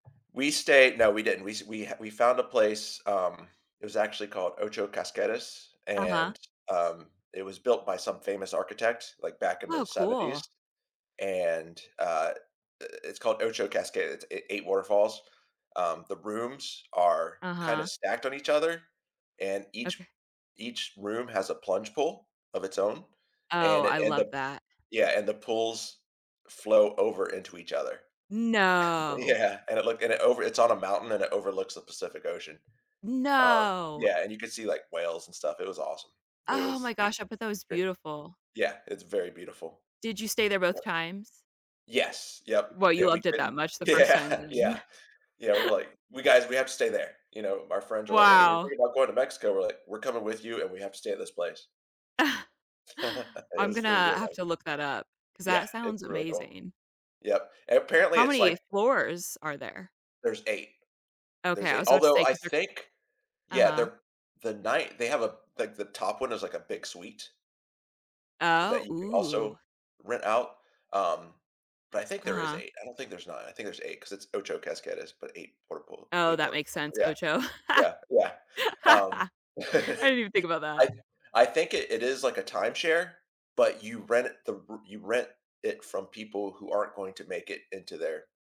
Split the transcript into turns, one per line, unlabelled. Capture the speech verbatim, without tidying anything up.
We stayed no, we didn't, we s we ha we found a place, um it was actually called Ocho Cascadas,
Uh-huh.
and, um, it was built by some famous architect, like, back in the
Oh, cool.
seventies, and, uh, i i it's called Ocho Casca it's eigh eight waterfalls. Um, the rooms are kinda
Uh-huh.
stacked on each other, and
Okay.
each each room has a plunge pool of its own,
Oh,
and it
I
and
love
the
that.
yeah, and the pools flow over into each other.
No.
Yeah, and it looked and it over it's on a mountain, and it overlooks the Pacific Ocean. Um,
No!
yeah, and you could see, like, whales and stuff, it was awesome. It
Oh
was
my gosh, I bet that was
re
beautiful.
Yeah, it's very beautiful.
Did you stay there both
Yep.
times?
Yes, yep.
Well, you
Yeah, we
loved it that
couldn't
much the first time,
yeah,
then
yeah. Yeah, we were like we "Guys, we have to stay there," you know? Our friends are like, "Hey, we're
Wow.
thinking about going to Mexico." We're like, "We're coming with you, and we have to stay at this place." It
I'm
was it was
gonna
really
have
nice.
to look that up, 'cause
Yeah,
that
it's
sounds
really cool.
amazing.
Yep. And apparently,
How
it's like
many floors are there?
There's eight.
Okay,
There's
I
eight
was about to
although,
say,
I
'cause they're
think yeah,
Uh-huh.
they're the night they have a like, the top one is, like, a big suite
Oh
that you can also
Ooh.
rent out, um, but I think there is
Uh-huh.
eight, I don't think there's nine, I think there's eight, 'cause it's Ocho Cascadas, but eight water pool
Oh,
eight
that
waterfalls,
makes sense,
yeah.
ocho.
Yeah, yeah. Um
I didn't even think about
I
that.
th I think it it is like a timeshare, but you rent it the r you rent it from people who aren't going to make it into their